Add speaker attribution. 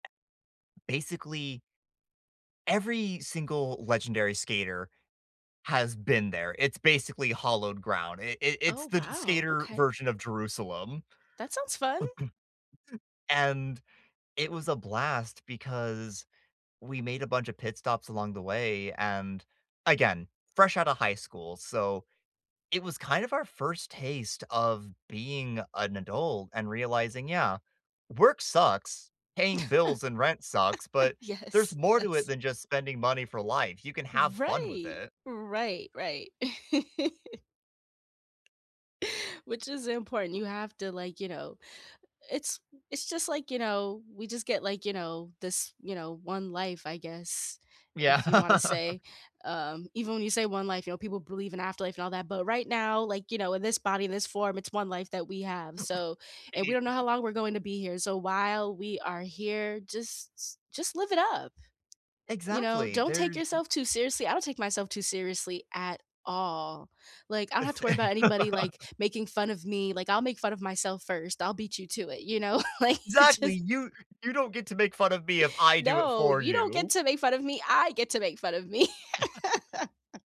Speaker 1: Basically every single legendary skater has been there, it's basically hollowed ground. I i it's
Speaker 2: Oh,
Speaker 1: the d
Speaker 2: wow.
Speaker 1: skater
Speaker 2: Okay.
Speaker 1: version of Jerusalem.
Speaker 2: That sounds fun.
Speaker 1: And it was a blast because we made a bunch of pit stops along the way and, again, fresh out of high school. So, it was kind of our first taste of being an adult and realizing, "Yeah, work sucks. Paying bills and rent sucks, but there's
Speaker 2: Yes,
Speaker 1: more to it
Speaker 2: yes.
Speaker 1: than just spending money for life. You can have fun with
Speaker 2: Right,
Speaker 1: it."
Speaker 2: right, right. Which is important, you have to, like, you know it's it's just, like, you know, we just get, like, you know, this, you know, 1 life, I guess,
Speaker 1: Yeah.
Speaker 2: if you want to say. Um, even when you say 1 life, you know, people believe in afterlife and all that, but right now, like, you know, in this body, in this form, it's 1 life that we have, so and we
Speaker 1: Right.
Speaker 2: don't know how long we're going to be here, so while we are here, just just live it up. You know,
Speaker 1: Exactly,
Speaker 2: don't take
Speaker 1: there's
Speaker 2: yourself too seriously. I don't take myself too seriously at all. Like, I don't
Speaker 1: A
Speaker 2: have to worry
Speaker 1: thi
Speaker 2: about anybody, like, making fun of me, like, I'll make fun of myself 1st, I'll beat you to it, you know? Like, it
Speaker 1: Exactly!
Speaker 2: just
Speaker 1: "You you don't get to make fun of me if I do it
Speaker 2: "No,
Speaker 1: for
Speaker 2: you don't get
Speaker 1: you!"
Speaker 2: to make fun of me, I get to make fun of me."